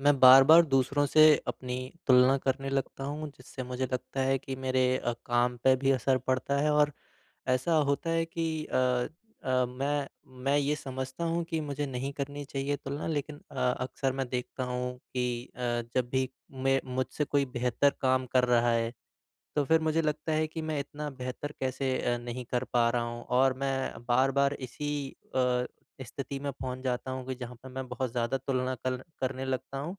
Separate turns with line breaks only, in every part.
मैं बार-बार दूसरों से अपनी तुलना करने लगता हूँ जिससे मुझे लगता है कि मेरे अ, काम पे भी असर पड़ता है और ऐसा होता है कि अ अ, मैं मैं ये समझता हूँ कि मुझे नहीं करनी चाहिए तुलना लेकिन अ, अक्सर मैं देखता हूँ कि अ, जब भी मैं मुझसे कोई बेहतर काम कर रहा है, तो फिर मुझे लगता है कि मैं इतना बेहतर कैसे अ, नहीं कर पा रहा हूँ और मैं बार-बार इसी अ, स्थिति में पहुँच जाता हूँ कि जहाँ पे मैं बहुत ज़्यादा तुलना कर करने लगता हूँ,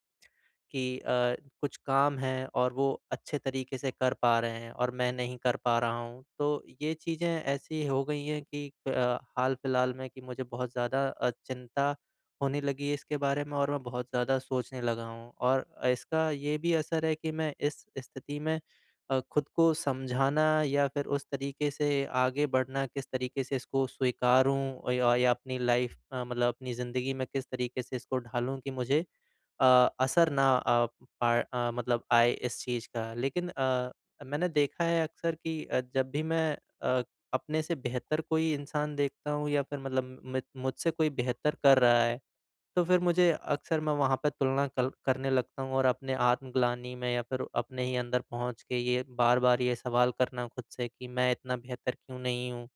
कि अ, कुछ काम है और वो अच्छे तरीक़े से कर पा रहे हैं और मैं नहीं कर पा रहा हूँ। तो ये चीज़ें ऐसी हो गई हैं कि अ, हाल-फिलहाल में कि मुझे बहुत ज़्यादा अ, चिंता होने लगी है इसके बारे में और मैं बहुत ज़्यादा सोचने लगा हूँ और इसका ये भी असर है कि मैं इस स्थिति में अ, खुद को समझाना या फिर उस तरीक़े से आगे बढ़ना किस तरीक़े से इसको स्वीकारूँ य या अपनी लाइफ़ मे मतलब अपनी ज़िंदगी में किस तरीक़े से इसको ढालूँ कि मुझे अ, असर ना प अ, मतलब आए इस चीज़ का लेकिन अ, मैंने देखा है अक्सर कि अ, जब भी मैं अ, अपने से बेहतर कोई इंसान देखता हूँ या फिर मतलब म मुझसे कोई बेहतर कर रहा है, तो फिर मुझे अक्सर मैं वहाँ पे तुलना कर करने लगता हूँ और अपने आत्मगलानी में या फिर अपने ही अंदर पहुँच के ये बार-बार ये सवाल करना खुद से कि मैं इतना बेहतर क्यों नहीं हूँ।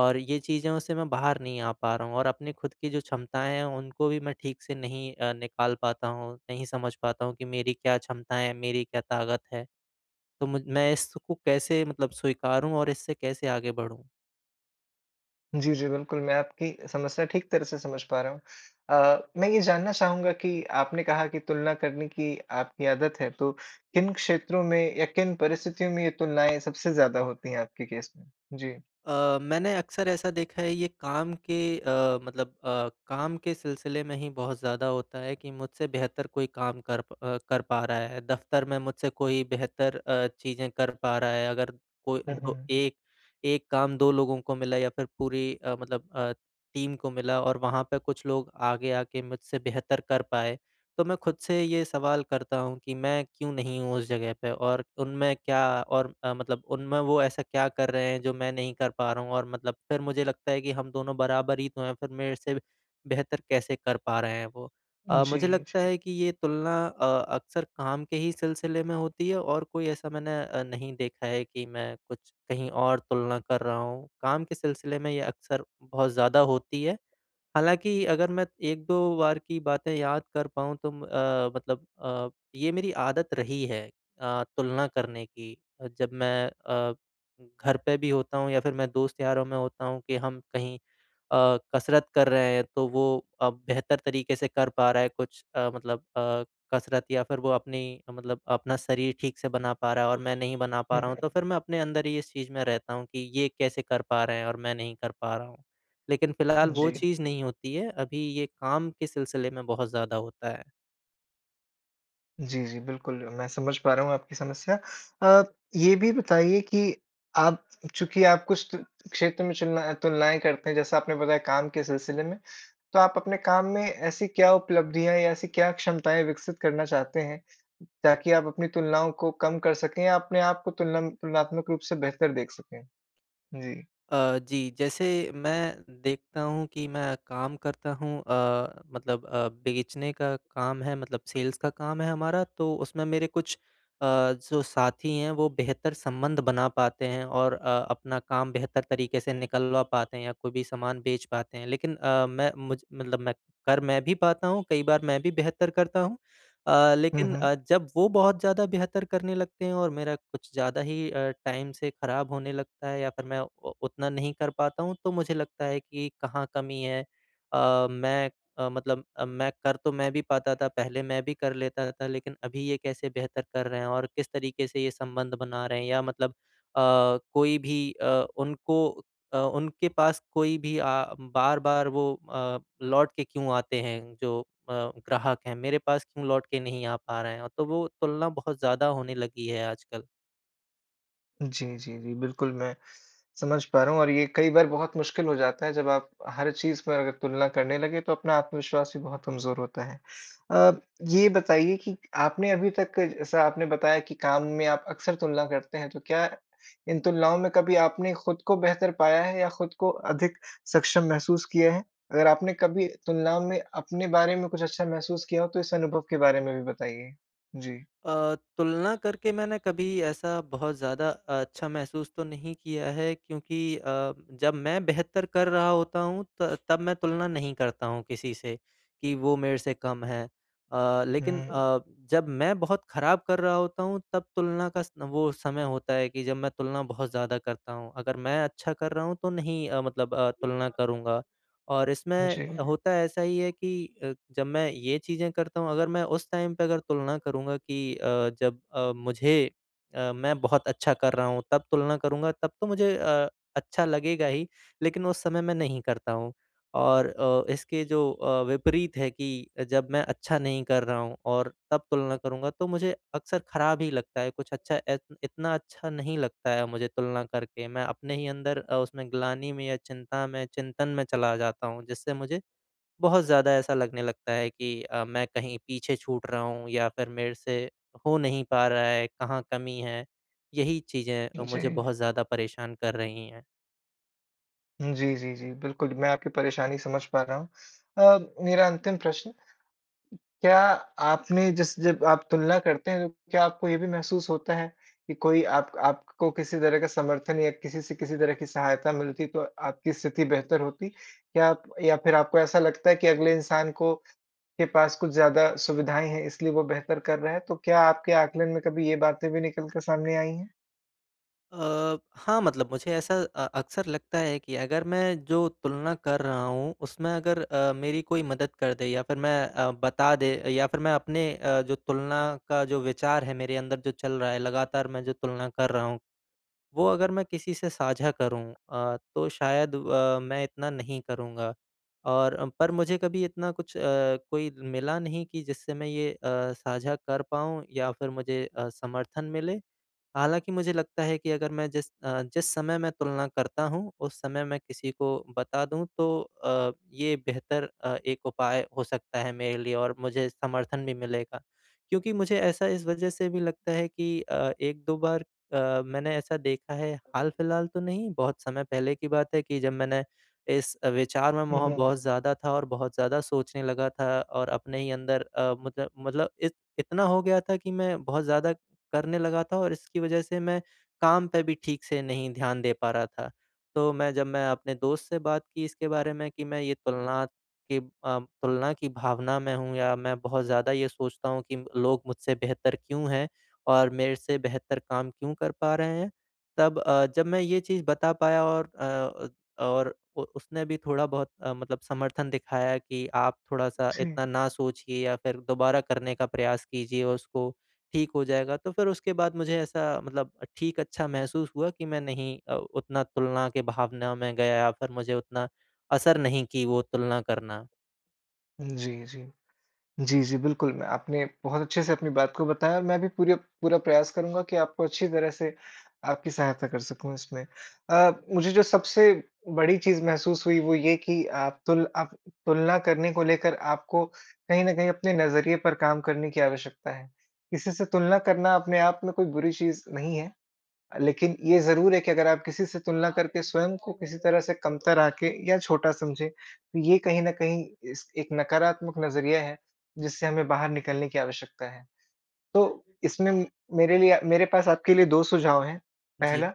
और ये चीज़ों से मैं बाहर नहीं आ पा रहा हूँ और अपनी खुद की जो क्षमताएँ हैं उनको भी मैं ठीक से नहीं अ, निकाल पाता हूँ, नहीं समझ पाता हूँ कि मेरी क्या क्षमताएँ है? मेरी क्या ताक़त है? तो मुझ मैं इसको कैसे मतलब स्वीकारूँ और इससे कैसे आगे बढ़ूँ?
जी, जी, बिल्कुल मैं आपकी समस्या ठीक तरह से समझ पा रहा हूँ। अ, मैं ये जानना चाहूँगा कि आपने कहा कि तुलना करने की आपकी आदत है, तो किन क्षेत्रों में या किन परिस्थितियों में ये तुलनाएँ सबसे ज़्यादा होती है आपके केस में? जी।
अ, मैंने अक्सर ऐसा देखा है ये काम के अ, मतलब अ, काम के सिलसिले में ही बहुत ज़्यादा होता है कि मुझसे बेहतर कोई काम कर प अ, कर पा रहा है, दफ़्तर में मुझसे कोई बेहतर अ, चीज़ें कर पा रहा है। अगर कोई
हुँ,
को
हुँ।
ए एक काम 2 लोगों को मिला या फिर पूरी अ, मतलब अ, टीम को मिला और वहाँ पर कुछ लोग आगे आकर मुझसे बेहतर कर पाएँ। तो मैं खुद से ये सवाल करता हूँ कि मैं क्यों नहीं हूँ उस जगह पे? और उनमें क्या और अ, मतलब उनमें वो ऐसा क्या कर रहे हैं, जो मैं नहीं कर पा रहा हूँ और मतलब फिर मुझे लगता है कि हम दोनों बराबर ही तो हैँ, फिर मेरे से बे बेहतर कैसे कर पा रहे हैं वो। अ,
जी,
मुझे लगता
जी।
है कि ये तुलना अ, अक्सर काम के ही सिलसिले में होती है और कोई ऐसा मैंने अ, नहीं देखा है कि मैं कुछ कहीं और तुलना कर रहा हूँ, काम के सिलसिले में ये अक्सर बहुत ज़्यादा होती है। हालाँकि अगर मैं 1-2 बार की बातें याद कर पाऊँ तो म अ, मतलब अ, ये मेरी आदत रही है अ, तुलना करने की, जब मैं अ, घर पे भी होता हूँ या फिर मैं दोस्त-यारों में होता हूँ कि हम कहीं अ, कसरत कर रहे हैं तो वो अ, बेहतर तरीकें से कर पा रहा है कुछ अ, मतलब अ, कसरत या फिर वो अपनी अ, मतलब अपना शरीर ठीक से बना पा रहा है और मैं नहीं बना पा
हुँ,
रहा हूँ, तो
हुँ।
फिर मैं अपने अंदर ही इस चीज़ में रहता हूँ कि ये कैसे कर पा रहे हैं और मैं नहीं कर पा रहा हूँ? लेकिन फिलहाल वो
जी।
चीज़ नहीं होती है, अभी ये काम के सिलसिले में बहुत ज़्यादा होता है।
जी, जी, बिल्कुल। मैं समझ पा रहा हूँ आपकी समस्या अ, ये भी बताइए कि आप चूँकि आप कुछ क्षेत्र में चुलना तुलनाएँ करते हैं, जैसा आपने बताया काम के सिलसिले में, तो आप अपने काम में ऐसी क्या उपलब्धियाँ या ऐसी क्या क्षमताएँ विकसित करना चाहते हैं, ताकि आप अपनी तुलनाओं को कम कर सकें या अपने आप को तुल तुलनात्मक रूप से बेहतर देख सकें? जी।
अ, जी, जैसे मैं देखता हूँ कि मैं काम करता हूँ अ, मतलब अ, बेचने का काम है, मतलब सेल्स का काम है हमारा, तो उसमें मेरे कुछ अ, जो साथी हैं वो बेहतर संबंध बना पाते हैं और अ, अपना काम बेहतर तरीके से निकलवा पाते हैं या कोई भी सामान बेच पाते हैं। लेकिन अ, मैं मुझ मतलब मैं कर मैं भी पाता हूँ, कई बार मैं भी बेहतर करता हूँ। अ,
हुँ,
लेकिन
हुँ।
अ, जब वो बहुत ज़्यादा बेहतर करने लगते हैं और मेरा कुछ ज़्यादा ही अ, टाइम से ख़राब होने लगता है या फिर मैं उ उतना नहीं कर पाता हूँ तो मुझे लगता है कि कहाँ कमी है। अ, मैं मतलब मैं कर तो मैं भी पाता था, पहले मैं भी कर लेता था लेकिन अभी ये कैसे बेहतर कर रहे हैं और किस तरीके से ये संबंध बना रहे हैं या मतलब अ, कोई भी अ, उनको अ, उनके पास कोई भी आ बार-बार वो अ, लौट के क्यों आते हैं, जो अ, ग्राहक हैं, मेरे पास क्यों लौट के नहीं आ पा रहे हैं, तो वो तुलना बहुत ज़्यादा होने लगी है आजकल।
जी, जी, जी, बिल्कुल मैं समझ पा रहा हूँ और ये कई बार बहुत मुश्किल हो जाता है जब आप हर चीज़ पर अगर तुलना करने लगे, तो अपना आत्मविश्वास भी बहुत कमज़ोर होता है। अ, ये बताइए कि आपने अभी तक जैसा आपने बताया कि काम में आप अक्सर तुलना करते हैं, तो क्या इन तुलनाओं में कभी आपने खुद को बेहतर पाया है या खुद को अधिक सक्षम महसूस किया है? अगर आपने कभी तुलनाओं में अपने बारे में कुछ अच्छा महसूस किया हो, तो इस अनुभव के बारे में भी बताइए? जी।
अ, तुलना करके मैंने कभी ऐसा बहुत ज़्यादा अच्छा महसूस तो नहीं किया है क्योंकि अ, जब मैं बेहतर कर रहा होता हूँ, त तब मैं तुलना नहीं करता हूँ किसी से कि वो मेरे से कम हैं। अ, लेकिन
हुँ।
अ, जब मैं बहुत ख़राब कर रहा होता हूँ, तब तुलना का स वो समय होता है कि जब मैं तुलना बहुत ज़्यादा करता हूँ। अगर मैं अच्छा कर रहा हूँ, तो नहीं अ, मतलब अ, तुलना करूँगा और
हाँ
इसमें
जी।
होता ऐसा ही है कि अ, जब मैं ये चीज़ें करता हूँ अगर मैं उस टाइम पे अगर तुलना करूँगा कि अ, जब अ, मुझे अ, मैं बहुत अच्छा कर रहा हूँ तब तुलना करूँगा, तब तो मुझे अ, अच्छा लगेगा ही, लेकिन उस समय मैं नहीं करता हूँ। और अ, इसके जो अ, विपरीत है कि अ, जब मैं अच्छा नहीं कर रहा हूँ और तब तुलना करूँगा, तो मुझे अक्सर ख़राब ही लगता है, कुछ अच्छा ए इतना अच्छा नहीं लगता है मुझे तुलना करके, मैं अपने ही अंदर अ, उस मैं ग्लानि में या चिंता में चिंतन में चला जाता हूँ। जिससे मुझे बहुत ज़्यादा ऐसा लगने लगता है कि अ, मैं कहीं पीछे छूट रहा हूँ या फिर मेरे से हो नहीं पा रहा है, कहाँ कमी है? यही चीज़ें अ, मुझे
जी।
बहुत ज़्यादा परेशान कर रही हैं।
हुँ, जी, जी, जी, बिल्कुल, मैं आपकी परेशानी समझ पा रहा हूँ। अ, मेरा अंतिम प्रश्न, क्या आपने जिस जब आप तुलना करते हैं तो क्या आपको ये भी महसूस होता है, कि कोई आप आपको किसी तरह का समर्थन या किसी से किसी तरह की सहायता मिलती तो आपकी स्थिति बेहतर होती? क्या आप या फिर आपको ऐसा लगता है कि अगले इंसान को के पास कुछ ज़्यादा सुविधाएँ हैं इसलिए वो बेहतर कर रहे हैं तो क्या आपके आकलन में कभी ये बातें भी निकल कर सामने आई हैं?
अ, हाँ, मतलब मुझे ऐसा अ, अक़्सर लगता है कि अगर मैं जो तुलना कर रहा हूँ उसमें अगर अ, मेरी कोई मदद कर दे या फिर मैं अ, बता दे या फिर मैं अपने अ, जो तुलना का जो विचार है मेरे अंदर जो चल रहा है लगातार मैं जो तुलना कर रहा हूँ, वो अगर मैं किसी से साझा करूँ अ, तो शायद अ, मैं इतना नहीं करूँगा। और पर मुझे कभी इतना कुछ अ, कोई मिला नहीं कि जिससे मैं ये अ, साझा कर पाऊँ या फिर मुझे अ, समर्थन मिले। हालाँकि मुझे लगता है कि अगर मैं जिस अ, जिस समय मैं तुलना करता हूँ उस समय मैं किसी को बता दूँ तो अ, ये बेहतर अ, एक उपाय हो सकता है मेरे लिए और मुझे समर्थन भी मिलेगा। क्योंकि मुझे ऐसा इस वज़ह से भी लगता है कि अ, 1-2 बार अ, मैंने ऐसा देखा है हाल-फ़िलहाल तो नहीं बहुत समय पहले की बात है कि जब मैंने, इस अ, विचार में
हुँ,
वहाँ
हुँ।
बहुत ज़्यादा था और बहुत ज़्यादा सोचने लगा था और अपने ही अंदर अ, मतलब मतलब इत इतना हो गया था कि मैं बहुत ज़्यादा करने लगा था और इसकी वज़ह से मैं काम पर भी ठीक से नहीं ध्यान दे पा रहा था। तो मैं जब मैं अपने दोस्त से बात की इसके बारे में कि मैं ये तुलना की अ, तुलना की भावना में हूँ या मैं बहुत ज़्यादा ये सोचता हूँ कि लोग मुझसे बेहतर क्यों हैं और मेरे से बेहतर काम क्यों कर पा रहे हैं? तब अ, जब मैं ये चीज़ बता पाया और अ अ, और अ, उसने भी थोड़ा बहुत अ, मतलब समर्थन दिखाया कि आप थोड़ा-सा
जी।
इतना ना सोचिए या फिर दोबारा करने का प्रयास कीजिए उसको, ठीक हो जाएगा। तो फिर उसके बाद मुझे ऐसा मतलब ठीक अच्छा महसूस हुआ कि मैं नहीं अ, उतना तुलना की भावना में गया या फिर मुझे उतना असर नहीं की वो तुलना करना।
जी, जी, जी, जी, बिल्कुल, मैं आपने बहुत अच्छे से अपनी बात को बताया मैं भी पूरा पूरा प्रयास करूँगा कि आपको अच्छी तरह से आपकी सहायता कर सकूँ इसमें। अ, मुझे जो सबसे बड़ी चीज़ महसूस हुई वो ये कि आप तुल आप तुलना करने को लेकर आपको कहीं न कहीं अपने नज़रिए पर काम करने की आवश्यकता है। किसी से तुलना करना अपने आप में कोई बुरी चीज़ नहीं है, लेकिन ये ज़रूर है कि अगर आप किसी से तुलना करके स्वयं को किसी तरह से कमतर आँके या छोटा समझें, तो ये कहीं न कहीं इस एक नकारात्मक नज़रिया है, जिससे हमें बाहर निकलने की आवश्यकता है। तो इसमें मेरे लिए मेरे पास आपके लिए 2 सुझाव हैं। पहला,
जी।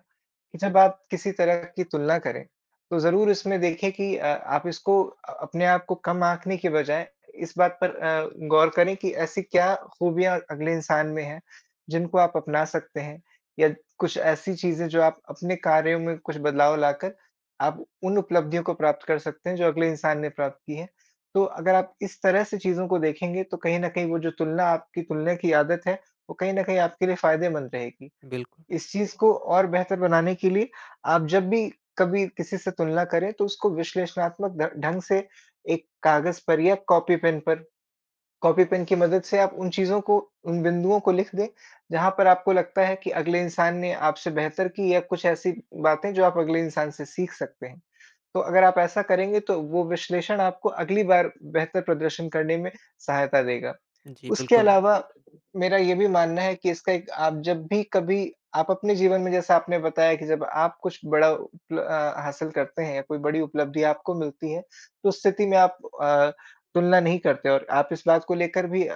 कि जब आप किसी तरह की तुलना करें, तो ज़रूर इसमें देखें कि अ, आप इसको अ अपने आप को कम आकने की बजाय इस बात पर अ, गौर करें कि ऐसी क्या खूबियाँ अगले इंसान में हैं, जिन को आप अपना सकते हैं, या कुछ ऐसी चीज़ें जो आप अपने कार्यों में कुछ बदलाव लाकर आप उन उपलब्धियों को प्राप्त कर सकते हैं जो अगले इंसान ने प्राप्त की है। तो अगर आप इस तरह से चीज़ों को देखेंगे तो कहीं न कहीं वो जो तुलना आपकी तुलना की आदत है वो कहीं न कहीं आपके लिए फ़ायदेमंद रहेगी।
बिल्कुल।
इस चीज़ को और बेहतर बनाने के लिए, आप जब भी कभी किसी से तुलना करें तो उसको विश्लेषणात्मक ढं ढंग से एक कागज पर या कॉपी-पेन पर कॉपी-पेन की मदद से आप उन चीज़ों को, उन बिंदुओं को लिख दें, जहाँ पर आपको लगता है कि अगले इंसान ने आपसे बेहतर की या कुछ ऐसी बातें जो आप अगले इंसान से सीख सकते हैं। तो अगर आप ऐसा करेंगे तो वो विश्लेषण आपको अगली बार बेहतर प्रदर्शन करने में सहायता देगा।
जी,
उसके
बिल्कुल।
अलावा मेरा ये भी मानना है कि इसका एक आप जब भी कभी आप अपने जीवन में जैसा आपने बताया कि जब आप कुछ बड़ा उपल अ, हासिल करते हैं या कोई बड़ी उपलब्धि आपको मिलती है तो उस स्थिति में आप अ, तुलना नहीं करते और आप इस बात को लेकर भी अ,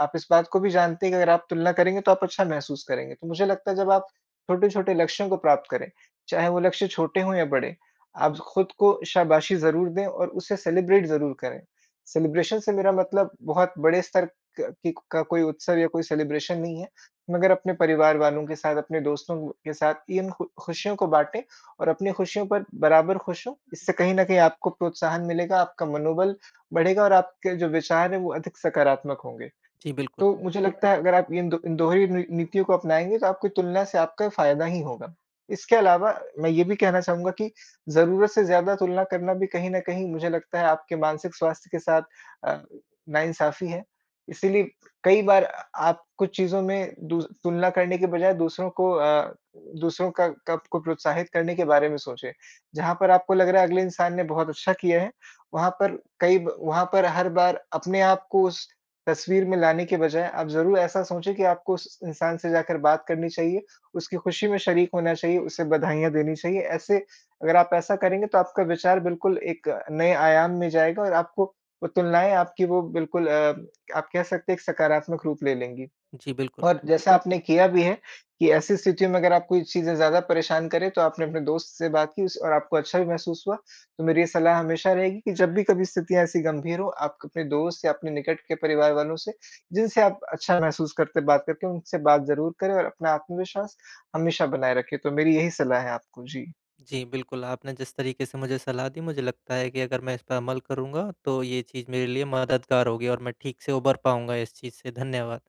आप इस बात को भी जानते हैं कि अगर आप तुलना करेंगे तो आप अच्छा महसूस करेंगे। तो मुझे लगता है जब आप छोटे-छोटे लक्ष्यों को प्राप्त करें, चाहे वो लक्ष्य छोटे हों या बड़े, आप खुद को शाबाशी ज़रूर दें और उसे सेलिब्रेट ज़रूर करें। सेलिब्रेशन से मेरा मतलब बहुत बड़े स्तर का की का कोई उत्सव या कोई सेलिब्रेशन नहीं है, मगर अपने परिवार वालों के साथ, अपने दोस्तों के साथ इन खु खुशियों को बाँटे और अपनी खुशियों पर बराबर खुश हों, इससे कहीं न कहीं आपको प्रोत्साहन मिलेगा, आपका मनोबल बढ़ेगा और आपके जो विचार हैं वो अधिक सकारात्मक होंगे।
जी, बिल्कुल।
तो मुझे लगता है अगर आप इन 2 इन दोनों ही नी नीतियों को अपनाएँगे तो आपकी तुलना से आपका फ़ायदा ही होगा। इसके अलावा, मैं ये भी कहना चाहूँगा कि ज़रूरत से ज़्यादा तुलना करना भी कहीं न कहीं मुझे लगता है आपके मानसिक स्वास्थ्य के साथ अ, नाइंसाफी है। इसीलिए कई बार अ आप कुछ चीज़ों में दू तुलना करने की बजाय दूसरों को अ, दूसरों का को आपको प्रोत्साहित करने के के बारे में सोचें। जहाँ पर आपको लग रहा है अगले इंसान ने बहुत अच्छा किया है, वहाँ पर कई वहाँ पर हर बार अपने आप को उस तस्वीर में लाने के बजाए आप ज़रूर ऐसा सोचें कि आपको उस इंसान से जाकर बात करनी चाहिए, उसकी खुशी में शरीक होना चाहिए, उसे बधाइयाँ देनी चाहिए। ऐसे अगर आप ऐसा करेंगे तो आपका विचार बिल्कुल एक नए आयाम में जाएगा और आपको वो तुलनाएँ आपकी वो बिल्कुल अ, आप कह सकते हैं एक सकारात्मक रूप ले लेंगी।
जी, बिल्कुल।
और जैसा आपने किया भी है, कि ऐसी स्थितियों में अगर आप कोई चीज़ें ज़्यादा परेशान करें तो आपने अपने दोस्त से बात की उस और आपको अच्छा भी महसूस हुआ, तो मेरी ये सलाह हमेशा रहेगी कि जब भी कभी स्थितियाँ ऐसी गंभीर हों आप क अपने दोस्त या अपने निकट के परिवार वालों से, जिनसे आप अच्छा महसूस करते हैं बात करके उनसे बात ज़रूर करें और अपना आत्मविश्वास, हमेशा बनाए रखें, तो मेरी यही सलाह है आपको। जी।
जी, बिल्कुल, आपने जिस तरीके से मुझे सलाह दी मुझे लगता है कि अगर मैं इस पर अमल करूँगा तो ये चीज़ मेरे लिए मददगार होगी और मैं ठीक से उभर पाऊँगा इस चीज़ से, धन्यवाद।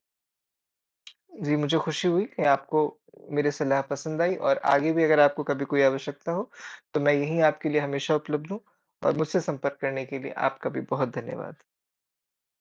जी, मुझे खुशी हुई कि आपको मेरी सलाह पसंद आई और आगे भी अगर आपको कभी कोई आवश्यकता हो, तो मैं यही आपके लिए हमेशा उपलब्ध हूँ और मुझसे संपर्क करने के लिए आपका भी बहुत धन्यवाद।